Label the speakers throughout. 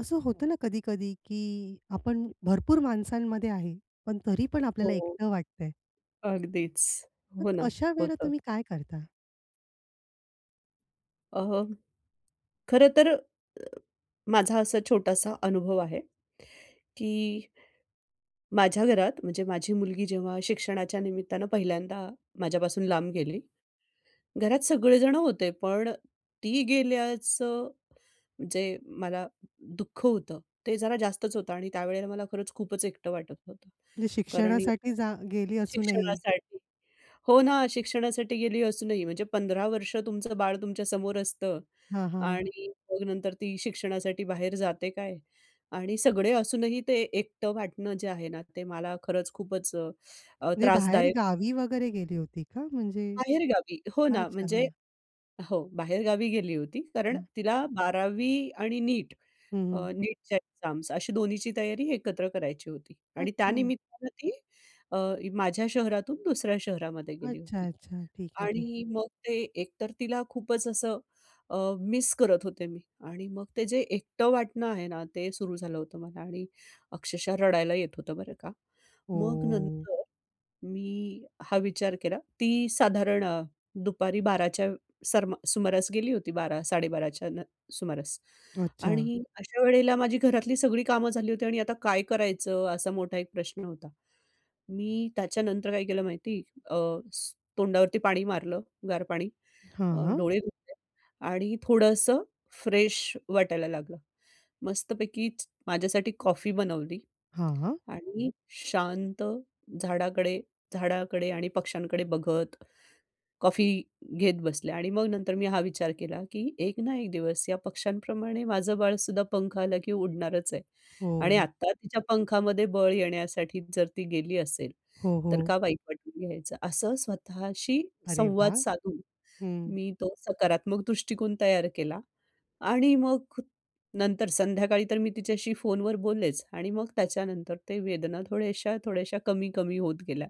Speaker 1: असं होतं ना कधी-कधी, की आपण भरपूर माणसांमध्ये आहे, पण तरी पण आपल्याला
Speaker 2: हो.
Speaker 1: एकटं वाटतंय.
Speaker 2: अगदीच.
Speaker 1: मग
Speaker 2: हो ना.
Speaker 1: अशावेळेला
Speaker 2: होतं.
Speaker 1: तुम्ही काय करता?
Speaker 2: अहं, खरं तर अ, माझा असा छोटासा अनुभव आहे, की माझ्या घरात म्हणजे माझी मुलगी जेव्हा शिक्षणाच्या निमित्तानं पहिल्यांदा माझ्यापासून लांब गेली. घरात सगळेजण होते पण ती गेल्याचं जे मला दुःख होतं, ते जरा जास्तच होतं आणि त्यावेळेला मला खरंच खूपच एकटं वाटत होतं.
Speaker 1: म्हणजे
Speaker 2: कारण
Speaker 1: शिक्षणासाठी जा गेली
Speaker 2: [unintelligible]
Speaker 1: असूनही.
Speaker 2: शिक्षणासाठी हो ना, शिक्षणासाठी गेली असूनही. म्हणजे 15 वर्ष तुमचं बाळ तुमच्या समोर असतं
Speaker 1: हां, हां.
Speaker 2: आणि मग नंतर ती शिक्षणासाठी बाहेर जाते काय आणि सगळे असूनही ते एकटं वाटणं, जे आहे ना, ते मला खरंच खूपच अ,
Speaker 1: म्हणजे
Speaker 2: त्रासदायक
Speaker 1: बाहेरगावी वगैरे गेली होती का म्हणजे?
Speaker 2: बाहेर गावी, हो ना.
Speaker 1: अच्छा,
Speaker 2: म्हणजे
Speaker 1: हां.
Speaker 2: हो बाहेरगावी गेली होती कारण
Speaker 1: हं.
Speaker 2: तिला 12वी आणि नीट
Speaker 1: हं,
Speaker 2: अ,
Speaker 1: हं.
Speaker 2: नीटच्या एक्झाम्स अशी दोन्हीची तयारी एकत्र करायची होती आणि त्या
Speaker 1: अच्छा.
Speaker 2: निमित्तानं ती अ, माझ्या शहरातून दुसऱ्या शहरामध्ये गेली
Speaker 1: अच्छा,
Speaker 2: होती.
Speaker 1: अच्छा. ठीक आहे, ठीक आहे.
Speaker 2: आणि मग ते एक तर तिला खूपच असं अ, मिस करत होते मी. आणि मग ते जे एकटं वाटणं आहे ना, ते सुरू झालं होतं मला आणि अक्षरशः रडायला येत होतं बरं का. मग
Speaker 1: हो.
Speaker 2: नंतर मी हा विचार केला. ती साधारण दुपारी 12च्या सरमा सुमारास गेली होती 12-12.30च्या सुमारास
Speaker 1: अच्छा.
Speaker 2: आणि अशा वेळेला माझी घरातली सगळी कामं झाली होती आणि आता काय करायचं? असा मोठा एक प्रश्न होता. मी त्याच्यानंतर काय केलं माहिती? अ, तोंडावरती पाणी मारलं, गार पाणी.
Speaker 1: हां, हां.
Speaker 2: डोळे धुतले आणि थोडंसं फ्रेश वाटायला लागलं. मस्तपैकी माझ्यासाठी कॉफी बनवली
Speaker 1: हां, हां.
Speaker 2: आणि शांत झाडाकडे झाडाकडे आणि पक्षांकडे बघत कॉफी घेत बसले आणि मग नंतर मी हा विचार केला, की एक ना एक दिवस या पक्ष्यांप्रमाणे माझं बाळ सुद्धा पंख आला, की उडणारच आहे. आणि
Speaker 1: हो.
Speaker 2: आता तिच्या पंखामध्ये बळ येण्यासाठी जर ती गेली असेल,
Speaker 1: हो,
Speaker 2: तर
Speaker 1: हो.
Speaker 2: का वाईट वाटून घ्यायचं? असं स्वतःशी
Speaker 1: अरे
Speaker 2: संवाद
Speaker 1: वाह!
Speaker 2: साधून
Speaker 1: हं.
Speaker 2: मी तो सकारात्मक दृष्टिकोन तयार केला. आणि मग नंतर संध्याकाळी तर मी तिच्याशी फोनवर बोललेच आणि मग त्याच्यानंतर ते वेदना थोड्याश्या-थोड्याश्या कमी-कमी होत गेल्या.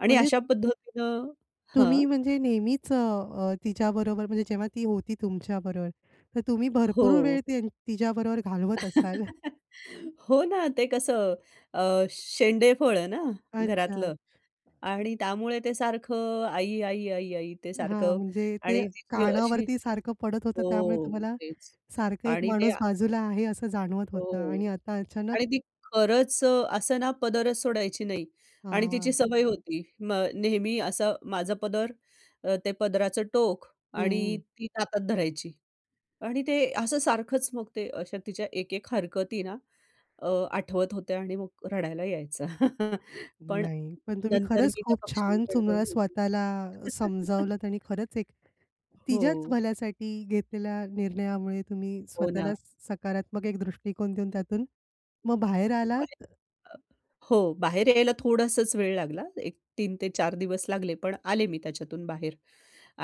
Speaker 2: आणि
Speaker 1: म्हणजे
Speaker 2: अशा पद्धतीनं हां.
Speaker 1: तुम्ही म्हणजे नेहमीच अ, तिच्याबरोबर म्हणजे जेव्हा ती होती तुमच्याबरोबर तर तुम्ही भरपूर
Speaker 2: हो.
Speaker 1: वेळ त्या तिच्याबरोबर घालवत असाल.
Speaker 2: हो ना. ते कसं? अ, शेंडेफळ आहे ना
Speaker 1: अच्छा.
Speaker 2: घरातलं आणि त्यामुळे ते सारखं आई, आई, आई, आई ते
Speaker 1: हां.
Speaker 2: सारखं
Speaker 1: म्हणजे ते
Speaker 2: आणि तिची अशी
Speaker 1: कानावरती सारखं पडत होतं, त्यामुळे
Speaker 2: हो.
Speaker 1: तुम्हाला
Speaker 2: तेच.
Speaker 1: सारखं एक
Speaker 2: आणि ते
Speaker 1: माणूस बाजूला आहे असं जाणवत होतं
Speaker 2: हो
Speaker 1: आणि आता अचानक
Speaker 2: आणि ती खरंच असं ना पदरच सोडायची नाही आणि तिची
Speaker 1: हां.
Speaker 2: सवय होती. मग नेहमी असं माझं पदर अ, ते पदराचं टोक आणि
Speaker 1: हं.
Speaker 2: ती हातात धरायची आणि ते असं सारखंच मग ते अशा तिच्या एक-एक हरकती ना अ, आठवत होत्या आणि मग रडायला यायचा. पण
Speaker 1: नाही. पण तुम्ही
Speaker 2: नंतर
Speaker 1: खरंच
Speaker 2: मी त्या
Speaker 1: खूप छान
Speaker 2: पक्षांकडे
Speaker 1: तुम्हाला
Speaker 2: बघून
Speaker 1: स्वतःला समजावलत आणि खरंच एक तिच्याच
Speaker 2: हो.
Speaker 1: भल्यासाठी घेतलेल्या निर्णयामुळे तुम्ही
Speaker 2: हो ना.
Speaker 1: स्वतःला सकारात्मक एक दृष्टिकोन देऊन त्यातून मग बाहेर
Speaker 2: खूप आहे.
Speaker 1: आलात.
Speaker 2: अ, हो बाहेर यायला थोडासाच वेळ लागला. एक 3 ते 4 दिवस लागले पण आले मी त्याच्यातून बाहेर.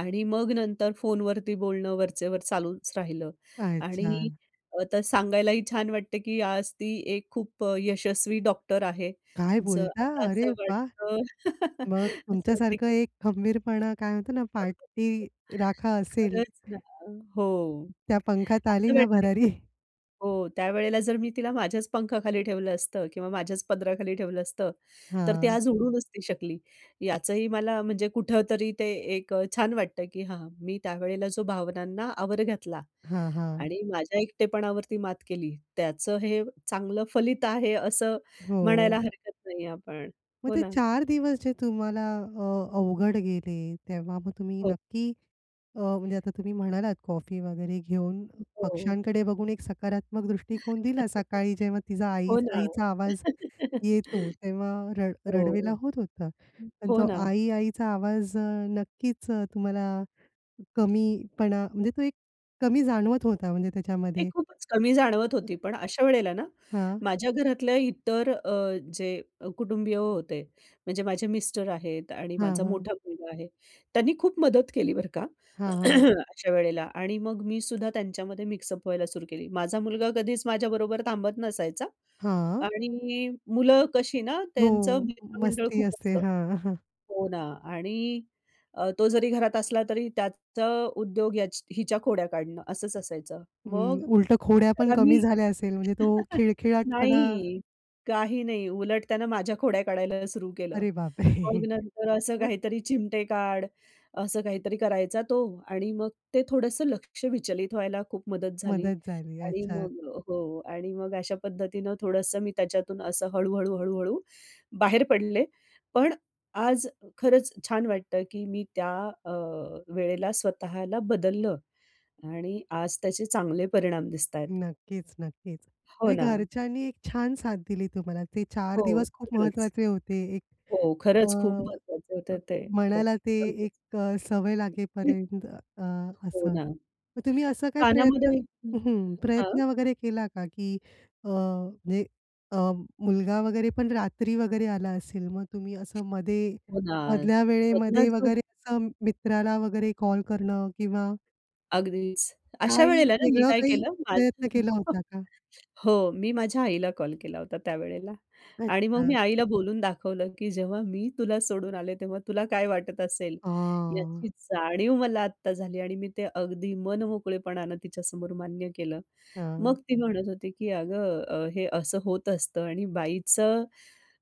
Speaker 2: आणि मग नंतर फोनवरती बोलणं वरचेवर चालूच राहिलं
Speaker 1: काय
Speaker 2: आणि
Speaker 1: छान!
Speaker 2: आता सांगायलाही छान वाटते, की आज ती एक खूप यशस्वी डॉक्टर आहे.
Speaker 1: काय
Speaker 2: जर
Speaker 1: बोलता?
Speaker 2: आता
Speaker 1: अरे
Speaker 2: असं
Speaker 1: वाह!
Speaker 2: वाटतं
Speaker 1: मग
Speaker 2: असं
Speaker 1: तुमच्या
Speaker 2: वाटतं,
Speaker 1: सारखं
Speaker 2: की
Speaker 1: एक खंबीरपणा काय म्हणतात ना
Speaker 2: [unintelligible]
Speaker 1: पाठीराखा असेल.
Speaker 2: खरंच ना हो,
Speaker 1: त्या पंखात आली
Speaker 2: असं
Speaker 1: ना
Speaker 2: वाटतं
Speaker 1: भरारी.
Speaker 2: हो त्यावेळेला जर मी तिला माझ्याच पंखाखाली ठेवलं असतं किंवा माझ्याच पदराखाली ठेवलं असतं, तर ती
Speaker 1: हां.
Speaker 2: आज उडू नसती शकली. याचंही मला म्हणजे कुठंतरी ते एक छान वाटतं, की हा, मी त्यावेळेला जो भावनांना आवर घातला
Speaker 1: हां, हां.
Speaker 2: आणि माझ्या एकटेपणावरती मात केली, त्याचं हे चांगलं फलित आहे, असं म्हणायला
Speaker 1: हो.
Speaker 2: हरकत नाही आपण.
Speaker 1: मग
Speaker 2: हो
Speaker 1: ते
Speaker 2: ना.
Speaker 1: 4 दिवस जे तुम्हाला अ, अवघड गेले. तेव्हा मग तुम्ही
Speaker 2: हो.
Speaker 1: नक्की अ, म्हणजे आता तुम्ही म्हणालात कॉफी वगैरे घेऊन
Speaker 2: हो.
Speaker 1: पक्षांकडे बघून एक सकारात्मक दृष्टिकोन दिला. सकाळी जेव्हा तिचा आई
Speaker 2: हो ना.
Speaker 1: आईचा आवाज येतो तेव्हा रड रडवेला
Speaker 2: हो.
Speaker 1: होत होता पण
Speaker 2: हो
Speaker 1: तो
Speaker 2: ना.
Speaker 1: आई-आईचा आवाज नक्कीच तुम्हाला कमी पणा म्हणजे तो एक कमी जाणवत होता म्हणजे
Speaker 2: ते
Speaker 1: त्याच्यामध्ये.
Speaker 2: खूपच कमी जाणवत होती पण अशा वेळेला ना
Speaker 1: हां.
Speaker 2: माझ्या घरातल्या इतर अ, जे कुटुंबीय होते. म्हणजे माझे मिस्टर आहेत आणि
Speaker 1: हां,
Speaker 2: माझा
Speaker 1: हां.
Speaker 2: मोठा मुलगा आहे. त्यांनी खूप मदत केली बरं का,
Speaker 1: हां, हां.
Speaker 2: अशा वेळेला आणि मग मी सुद्धा त्यांच्यामध्ये मिक्सअप व्हायला सुरू केली. माझा मुलगा कधीच माझ्याबरोबर थांबत नसायचा
Speaker 1: हां.
Speaker 2: आणि मुलं कशी ना
Speaker 1: हो
Speaker 2: त्यांचं मित्रमंडळ
Speaker 1: मस्ती
Speaker 2: खूप
Speaker 1: असते.
Speaker 2: असतं.
Speaker 1: हां, हां.
Speaker 2: हो ना. आणि तो जरी घरात असला तरी त्याचं उद्योग याच हिच्या खोड्या काढणं असंच असायचं
Speaker 1: हं.
Speaker 2: मग
Speaker 1: उलटं खोड्या पण
Speaker 2: त्याला
Speaker 1: कमी
Speaker 2: मी
Speaker 1: झाल्या असेल म्हणजे तो खिळखिळाटपणा
Speaker 2: नाही, काही नाही. उलट त्यानं माझ्या खोड्या काढायला सुरू केलं.
Speaker 1: अरे बाप रे!
Speaker 2: मग नंतर असं
Speaker 1: मग
Speaker 2: काहीतरी चिमटे काढ असं काहीतरी करायचा तो आणि मग ते थोडंसं लक्ष विचलित व्हायला खूप मदत झाली
Speaker 1: मदत झाली,
Speaker 2: आणि
Speaker 1: अच्छा.
Speaker 2: मग हो, आणि मग अशा पद्धतीनं थोडंसं मी त्याच्यातून असं हळू-हळू हळू-हळू बाहेर पडले पण आज खरंच छान वाटतं की मी त्या अ, वेळेला स्वतःला बदललं आणि आज त्याचे चांगले परिणाम दिसत आहेत.
Speaker 1: नक्कीच, नक्कीच.
Speaker 2: हो
Speaker 1: म्हणजे
Speaker 2: ना.
Speaker 1: घरच्यांनी एक छान साथ दिली तुम्हाला. ते 4
Speaker 2: हो,
Speaker 1: दिवस खूप
Speaker 2: खरंच.
Speaker 1: महत्त्वाचे होते. एक
Speaker 2: हो
Speaker 1: अ
Speaker 2: खरंच, खूप महत्वाचं होतं ते. हो,
Speaker 1: म्हणायला ते
Speaker 2: अगदीच.
Speaker 1: एक सवय
Speaker 2: [unintelligible]
Speaker 1: लागेपर्यंत अ,
Speaker 2: हो
Speaker 1: असं.
Speaker 2: ना.
Speaker 1: मग तुम्ही असं काय प्रयत्न
Speaker 2: कानामध्ये
Speaker 1: हं.
Speaker 2: हां.
Speaker 1: प्रयत्न वगैरे केला का? की अ, म्हणजे अ, मुलगा वगैरे पण रात्री वगैरे आला असेल मग तुम्ही असं मध्ये
Speaker 2: हो ना.
Speaker 1: मधल्या
Speaker 2: बघ ना
Speaker 1: वेळेमध्ये
Speaker 2: जो
Speaker 1: वगैरे असं मित्राला वगैरे कॉल करणं किंवा
Speaker 2: अगदीच. अशा
Speaker 1: काही
Speaker 2: वेळेला ना मी
Speaker 1: वेगळं
Speaker 2: काय
Speaker 1: काही
Speaker 2: केलं,
Speaker 1: प्रयत्न केला
Speaker 2: [unintelligible]
Speaker 1: होता का?
Speaker 2: हो, मी माझ्या आईला कॉल केला होता त्यावेळेला. आणि मग मी
Speaker 1: अच्छा.
Speaker 2: आईला बोलून दाखवलं की "जेव्हा मी तुला सोडून आले तेव्हा तुला काय वाटत असेल,
Speaker 1: आह.
Speaker 2: याची जाणीव मला आत्ता झाली." आणि मी ते अगदी मनमोकळेपणानं तिच्यासमोर मान्य केलं.
Speaker 1: हं.
Speaker 2: मग ती म्हणत होती की "अगं, हे असं होत असतं आणि बाईचं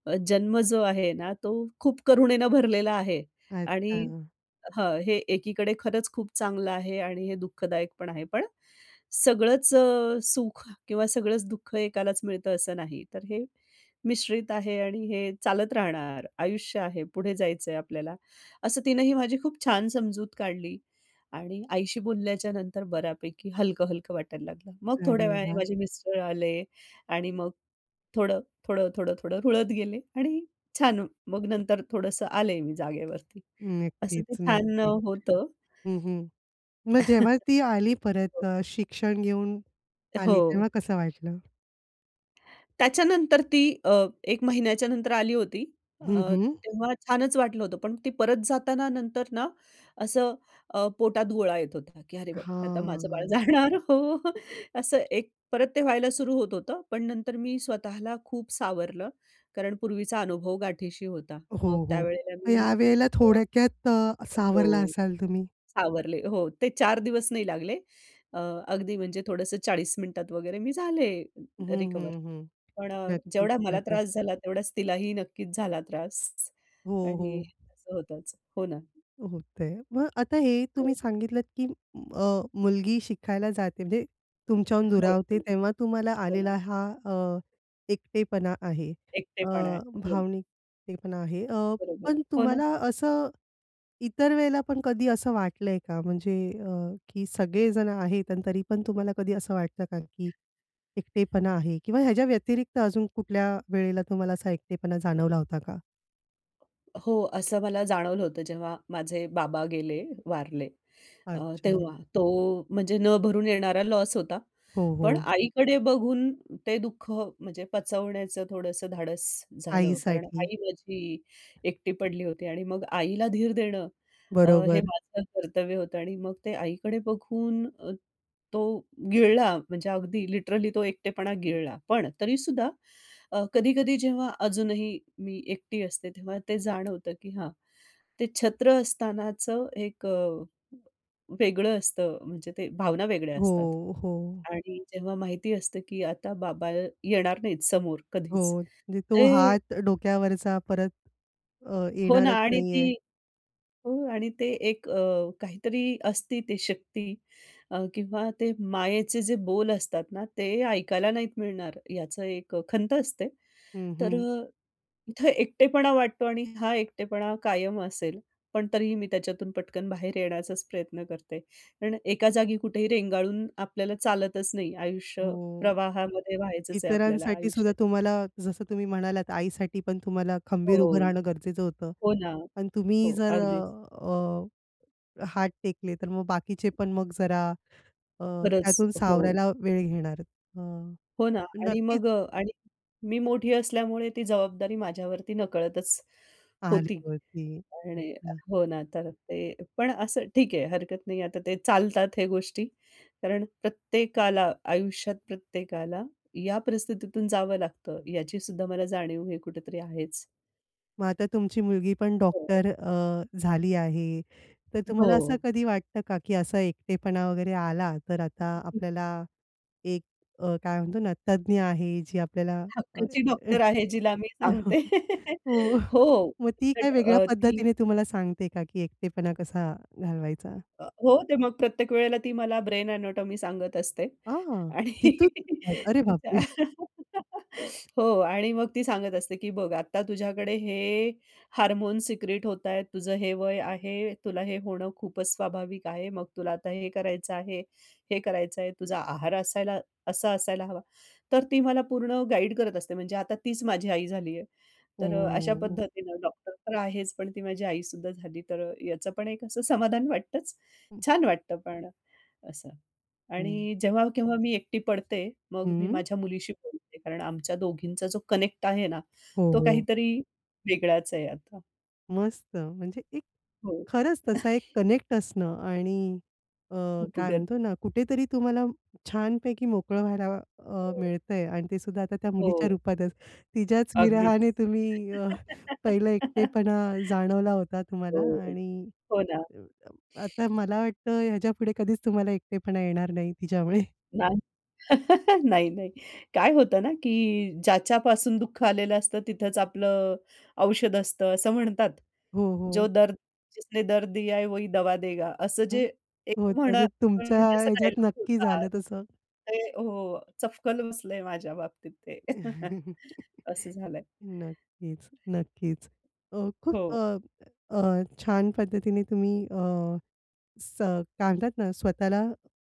Speaker 2: अ, जन्म जो आहे ना तो खूप करुणेनं भरलेला आहे. आणि
Speaker 1: अच्छा.
Speaker 2: हां, हे एकीकडे खरंच खूप चांगलं आहे आणि हे दुःखदायक पण आहे पण, सगळंच अ, सुख किंवा सगळंच दुःख एकालाच मिळतं असं नाही. तर हे मिश्रित आहे आणि हे चालत राहणार. आयुष्य आहे पुढे जायचंय आपल्याला." असं तिनं ही माझी खूप छान समजूत काढली आणि आईशी बोलल्याच्या नंतर बऱ्यापैकी हलकं-हलकं वाटायला लागलं. मग थोड्या
Speaker 1: अरे
Speaker 2: वेळाने
Speaker 1: वाह!
Speaker 2: माझे मिस्टर आले आणि मग थोडं, थोडं, थोडं, थोडं रुळत गेले आणि छान मग नंतर थोडंसं आले मी जागेवरती असं
Speaker 1: नक्कीच,
Speaker 2: ते छान
Speaker 1: नक्कीच.
Speaker 2: होतं.
Speaker 1: हं, हं. मग जेव्हा ती आली परत
Speaker 2: हं.
Speaker 1: अ, शिक्षण घेऊन आली
Speaker 2: हो.
Speaker 1: तेव्हा कसं वाटलं?
Speaker 2: त्याच्यानंतर ती अ, 1 महिन्याच्यानंतर आली होती.
Speaker 1: हं,
Speaker 2: अ,
Speaker 1: हं.
Speaker 2: तेव्हा छानच वाटलं होतं. पण ती परत जाताना नंतर ना असं अ, पोटात गोळा येत होता की अरे बापरे! आता माझं बाळ
Speaker 1: हां.
Speaker 2: जाणार हो. असं एक परत ते व्हायला सुरू होत होतं. पण नंतर मी स्वतःला खूप सावरलं. कारण पूर्वीचा अनुभव गाठीशी होता. मग
Speaker 1: हो, हो.
Speaker 2: त्यावेळेला मी
Speaker 1: या वेळेला
Speaker 2: अ,
Speaker 1: थोड्क्यात सावरला
Speaker 2: हो
Speaker 1: असाल तुम्ही?
Speaker 2: सावरले हो ते 4 दिवस नाही लागले अ, अगदी म्हणजे थोडंसं 40 मिनिटात वगैरे मी झाले,
Speaker 1: हं,
Speaker 2: रिकव्हर.
Speaker 1: हं, हं.
Speaker 2: पण अ,
Speaker 1: नक्कीच,
Speaker 2: जेवढा मला
Speaker 1: नक्कीच.
Speaker 2: त्रास झाला तेवढाच तिलाही नक्कीच झाला त्रास
Speaker 1: हो,
Speaker 2: आणि
Speaker 1: हो.
Speaker 2: असं होतंच. हो ना.
Speaker 1: होतंय. मग आता हे तुम्ही
Speaker 2: हो.
Speaker 1: सांगितलत की अ, मुलगी शिकायला जाते. म्हणजे तुमच्याहून
Speaker 2: हो, हो,
Speaker 1: दुरावते तेव्हा तुम्हाला
Speaker 2: हो ना.
Speaker 1: आलेला हा अ, एकटेपणा आहे. अ,
Speaker 2: एकटेपणा आहे. हं.
Speaker 1: भावनिक एकटेपणा आहे. अ,
Speaker 2: बरोबर.
Speaker 1: पण
Speaker 2: हो ना?
Speaker 1: तुम्हाला असं इतर वेळेला पण कधी असं वाटलं आहे का म्हणजे अ, की सगळे जण आहेत आणि तरी पण तुम्हाला कधी असं वाटतं का की एकटेपणा आहे? किंवा ह्याच्याव्यतिरिक्त अजून कुठल्या वेळेला तुम्हाला असा एकटेपणा जाणवला होता का?
Speaker 2: हो, असं मला जाणवलं होतं. जेव्हा माझे बाबा गेले वारले अ,
Speaker 1: अच्छा.
Speaker 2: तेव्हा तो म्हणजे न भरून येणारा लॉस होता.
Speaker 1: हो,
Speaker 2: पण
Speaker 1: हो.
Speaker 2: आईकडे बघून ते दुःख म्हणजे पचवण्याचं थोडंसं धाडस झालं. कारण
Speaker 1: आईसाठी.
Speaker 2: आई माझी एकटी पडली होती आणि मग आईला धीर देणं अ, हे
Speaker 1: बरोबर.
Speaker 2: माझं कर्तव्य होतं आणि मग ते आईकडे बघून तो गिळला म्हणजे अगदी लिटरली तो एकटेपणा गिळला. पण तरी सुद्धा अ, कधी-कधी जेव्हा अजूनही मी एकटी असते तेव्हा ते जाणवतं, की हां, ते छत्र असतानाचं एक अ, वेगळं असतं म्हणजे ते भावना वेगळ्या असतात
Speaker 1: हो, हो.
Speaker 2: आणि जेव्हा माहिती असतं, की आता बाबा येणार नाहीत समोर कधीच
Speaker 1: हो, म्हणजे तो
Speaker 2: ते
Speaker 1: हात डोक्यावरचा परत अ,
Speaker 2: हो ना,
Speaker 1: येणारच
Speaker 2: आणि
Speaker 1: नाही आहे.
Speaker 2: ती हो आणि ते एक अ, काहीतरी असते ती शक्ती अ, किंवा ते मायेचे जे बोल असतात ना, ते ऐकायला नाही मिळणार याचं एक खंत असते.
Speaker 1: हं,
Speaker 2: तर
Speaker 1: हं.
Speaker 2: अ, इथे एकटेपणा वाटतो. आणि हा एकटेपणा कायम असेल. पण तरीही मी त्याच्यातून पटकन बाहेर येण्याचाच प्रयत्न करते आणि एका जागी कुठेही रेंगाळून आपल्याला चालतच नाही. आयुष्य
Speaker 1: हो,
Speaker 2: प्रवाहामध्ये व्हायचंच आहे आपल्याला
Speaker 1: इतरांसाठी सुद्धा
Speaker 2: आयुष्याच्या.
Speaker 1: तुम्हाला जसं तुम्ही म्हणालात, आईसाठी पण तुम्हाला
Speaker 2: हो,
Speaker 1: खंबीर उभं राहणं गरजेचं होतं.
Speaker 2: हो ना,
Speaker 1: पण तुम्ही
Speaker 2: हो,
Speaker 1: जर
Speaker 2: अगदीच.
Speaker 1: अ, अ, हात टेकले, तर मग बाकीचे पण मग जरा अ,
Speaker 2: खरच,
Speaker 1: त्यातून
Speaker 2: हो.
Speaker 1: सावरायला वेळ घेणार अ,
Speaker 2: हो ना आणि
Speaker 1: नक्कीच
Speaker 2: मग अ, आणि मी मोठी असल्यामुळे ती जबाबदारी माझ्यावरती नकळतच होती
Speaker 1: [unintelligible]
Speaker 2: आणि
Speaker 1: वरती. [unintelligible]
Speaker 2: हो ना, तर ते पण असं ठीक आहे हरकत नाही. आता ते चालतात हे गोष्टी कारण प्रत्येकाला, आयुष्यात प्रत्येकाला, या परिस्थितीतून जावं लागतं याची सुद्धा मला जाणीव हे कुठेतरी आहेच.
Speaker 1: मग आता तुमची मुलगी पण
Speaker 2: हो.
Speaker 1: डॉक्टर अ, झाली आहे. तर तुम्हाला असं
Speaker 2: हो.
Speaker 1: कधी वाटतं का की असा एकटेपणा वगैरे आला तर आता आपल्याला एक अ, काय म्हणतो ना तज्ञ आहे जी आपल्याला अ,
Speaker 2: हक्काची
Speaker 1: अ
Speaker 2: डॉक्टर आहे जिला मी सांगते
Speaker 1: हो,
Speaker 2: हो,
Speaker 1: मग ती काय
Speaker 2: बट
Speaker 1: वेगळ्या
Speaker 2: अ, ती
Speaker 1: पद्धतीने तुम्हाला सांगते का की एकटेपणा कसा घालवायचा?
Speaker 2: अ, हो, ते मग प्रत्येक वेळेला ती मला ब्रेन एनाटॉमी सांगत असते
Speaker 1: आं,
Speaker 2: आणि
Speaker 1: तिथून अरे
Speaker 2: तिच्या
Speaker 1: बापरे!
Speaker 2: हो आणि मग ती सांगत असते, की बघ आता तुझ्याकडे हे हार्मोन्स सिक्रेट होत आहेत, तुझं हे वय आहे, तुला हे होणं खूपच स्वाभाविक आहे. मग तुला आता हे करायचं आहे, हे करायचं आहे, तुझा आहार असायला असा असायला हवा. तर ती मला पूर्ण गाईड करत असते. म्हणजे आता तीच माझी आई झाली आहे. तर अ, अशा
Speaker 1: ओ.
Speaker 2: पद्धतीनं डॉक्टर तर आहेच पण ती माझी आई सुद्धा झाली. तर अ, याचं पण एक असं समाधान वाटतंच.
Speaker 1: हं.
Speaker 2: छान वाटतं पण असं
Speaker 1: हं.
Speaker 2: आणि जेव्हा, केव्हा मी एकटी पडते मग मी
Speaker 1: हं.
Speaker 2: माझ्या मुलीशी बोलते कारण आमच्या दोघींचा जो कनेक्ट आहे ना
Speaker 1: हो,
Speaker 2: तो
Speaker 1: हो.
Speaker 2: काहीतरी वेगळाच आहे आता.
Speaker 1: मस्त, म्हणजे एक
Speaker 2: हो.
Speaker 1: खरंच तसा एक कनेक्ट असणं आणि अ, काय
Speaker 2: उपगत.
Speaker 1: म्हणतो ना, कुठेतरी तुम्हाला छानपैकी मोकळं व्हायला अ,
Speaker 2: [unintelligible]
Speaker 1: मिळत आहे. आणि ते सुद्धा आता त्या मुलीच्या
Speaker 2: हो.
Speaker 1: रूपातच. तिच्याच
Speaker 2: अगदीच.
Speaker 1: विरहाने तुम्ही अ, पहिलं एकटेपणा जाणवला होता
Speaker 2: हो,
Speaker 1: तुम्हाला
Speaker 2: हो.
Speaker 1: आणि
Speaker 2: हो, ना.
Speaker 1: अ, आता मला वाटतं, ह्याच्यापुढे कधीच तुम्हाला एकटेपणा येणार नाही तिच्यामुळे.
Speaker 2: नाही. नाही, नाही. काय होतं ना, की ज्याच्यापासून दुःख आलेलं असतं, तिथेच आपलं, औषध असतं, असं म्हणतात.
Speaker 1: हो,
Speaker 2: जो
Speaker 1: हो.
Speaker 2: दर्द जिसने दर्द दिया है, वही दवा देगा. असं
Speaker 1: हं.
Speaker 2: जे,
Speaker 1: हो,
Speaker 2: एक
Speaker 1: तर
Speaker 2: म्हणा
Speaker 1: ते तुमच्या
Speaker 2: म्हणजे, असा एक
Speaker 1: ह्याच्यात
Speaker 2: डायलॉग
Speaker 1: नक्की
Speaker 2: होता.
Speaker 1: झालं तसं.
Speaker 2: ते हो, चपकन बसलंय माझ्या बाबतीत ते. असं झालंय.
Speaker 1: नक्कीच, नक्कीच. अ, खूप
Speaker 2: हो.
Speaker 1: अ, अ, छान पद्धतीने तुम्ही अ, स काय म्हणतात ना ,स्वतःला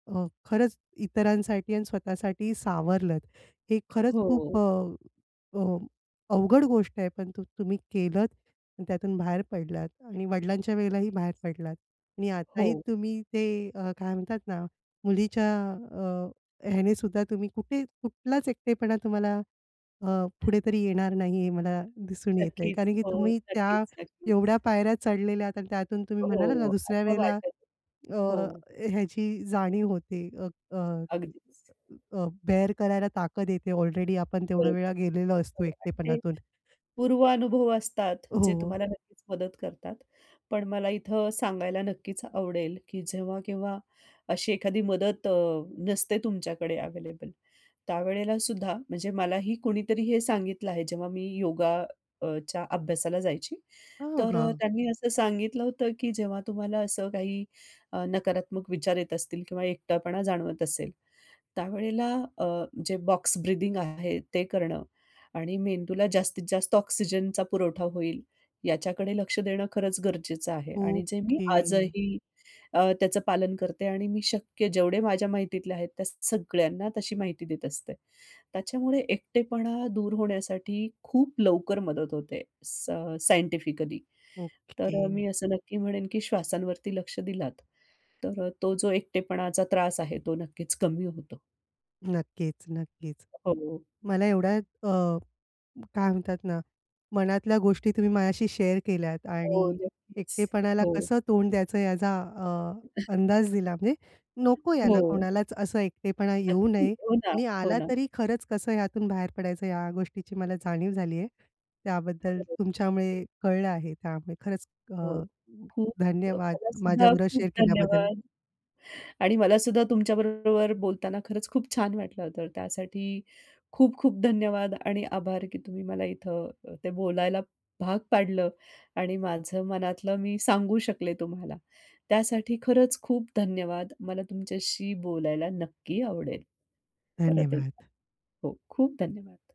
Speaker 1: अ, खरंच इतरांसाठी आणि स्वतःसाठी सावरलत. हे खरंच खूप
Speaker 2: हो.
Speaker 1: अ, अ, अवघड गोष्ट आहे, पण तु तुम्ही केलत आणि त्यातून बाहेर पडलात आणि वडिलांच्या वेळेलाही बाहेर पडलात. आणि आताही
Speaker 2: हो.
Speaker 1: तुम्ही ते अ, काय म्हणतात ना, मुलीच्या अ, ह्याने सुद्धा, तुम्ही कुठे कुठलाच एकटेपणा तुम्हाला अ, पुढे तरी येणार नाही, हे मला दिसून येत आहे,
Speaker 2: नक्कीच.
Speaker 1: कारण की
Speaker 2: हो.
Speaker 1: तुम्ही त्या
Speaker 2: नक्कीच, नक्कीच.
Speaker 1: एवढ्या पायऱ्या चढलेल्या आहात. आणि त्यातून
Speaker 2: हो,
Speaker 1: तुम्ही म्हणालात ना,
Speaker 2: [unintelligible]
Speaker 1: दुसऱ्या
Speaker 2: असं
Speaker 1: वेळेला
Speaker 2: वाटत
Speaker 1: अ,
Speaker 2: हो.
Speaker 1: ह्याची जाणीव होते. अ, अ,
Speaker 2: अगदीच.
Speaker 1: अ, बेर करायला ताकत येते, ऑलरेडी आपण तेवढा
Speaker 2: बरोबर.
Speaker 1: वेळा गेलेलो असतो
Speaker 2: ते टे
Speaker 1: एकटेपणातून.
Speaker 2: पूर्वानुभव असतात, जे
Speaker 1: हो.
Speaker 2: तुम्हाला नक्कीच मदत करतात, पण मला इथं सांगायला नक्कीच आवडेल, की जेव्हा केव्हा, अशी एखादी मदत अ, नसते तुमच्याकडे अव्हेलेबल, त्यावेळेला सुद्धा, म्हणजे मलाही कुणीतरी हे सांगितलं आहे, जेव्हा मी योगा अ, च्या अभ्यासाला जायची.
Speaker 1: अ,
Speaker 2: तर
Speaker 1: हां.
Speaker 2: त्यांनी असं सांगितलं होतं, की जेव्हा तुम्हाला असं काही, नकारात्मक विचार येत असतील किंवा एकटपणा जाणवत असेल, त्यावेळेला अ, जे बॉक्स ब्रीथिंग आहे, ते करणं आणि मेंदूला जास्तीत जास्त ऑक्सिजनचा पुरवठा होईल, याच्याकडे लक्ष देणं खरंच गरजेचं आहे. आणि जे मी
Speaker 1: ओके.
Speaker 2: आजही अ, त्याचं पालन करते. आणि मी शक्य जेवढे माझ्या माहितीतले आहेत, त्या सगळ्यांना तशी माहिती देत असते. त्याच्यामुळे एकटेपणा दूर होण्यासाठी खूप लवकर मदत होते. सायं अ, सायंटिफिकली, तर
Speaker 1: ओके.
Speaker 2: मी असं नक्की म्हणेन, की श्वासांवरती लक्ष दिलात, तर तो जो एकटेपणाचा त्रास आहे, तो नक्कीच कमी होतो.
Speaker 1: नक्कीच, नक्कीच.
Speaker 2: [unintelligible]
Speaker 1: मला एवढ्यात अ, काय म्हणतात ना, मनातल्या गोष्टी तुम्ही माझ्याशी शेअर केल्यात
Speaker 2: हो,
Speaker 1: आणि
Speaker 2: नक्कीच.
Speaker 1: एकटेपणाला
Speaker 2: हो.
Speaker 1: कसं तोंड द्यायचं, याचा अ, अंदाज दिला. म्हणजे नको, याला
Speaker 2: हो.
Speaker 1: कोणालाच असं एकटेपणा येऊ
Speaker 2: नक्की.
Speaker 1: नये.
Speaker 2: हो ना,
Speaker 1: आणि
Speaker 2: हो
Speaker 1: आला
Speaker 2: ना.
Speaker 1: तरी खरंच कसं ह्यातून बाहेर पडायचं, ह्या गोष्टीची मला जाणीव झाली आहे. त्याबद्दल
Speaker 2: खरं.
Speaker 1: तुमच्यामुळे कळलं आहे, त्यामुळे खरंच अ,
Speaker 2: हो. खूप अ,
Speaker 1: धन्यवाद
Speaker 2: तुम्हाला सुद्धा,
Speaker 1: माझ्याबरोबर
Speaker 2: खूप
Speaker 1: शेअर केल्याबद्दल.
Speaker 2: धन्यवाद. आणि मला सुद्धा तुमच्या बरोबर बोलताना, खरंच खूप छान वाटलं होतं, त्यासाठी खूप-खूप धन्यवाद आणि आभार, की तुम्ही मला इथं ते बोलायला भाग पाडलं. आणि माझं मनातलं मी सांगू शकले तुम्हाला. त्यासाठी खरंच खूप धन्यवाद. मला तुमच्याशी बोलायला नक्की आवडेल, परत एकदा.
Speaker 1: धन्यवाद.
Speaker 2: हो, खूप धन्यवाद.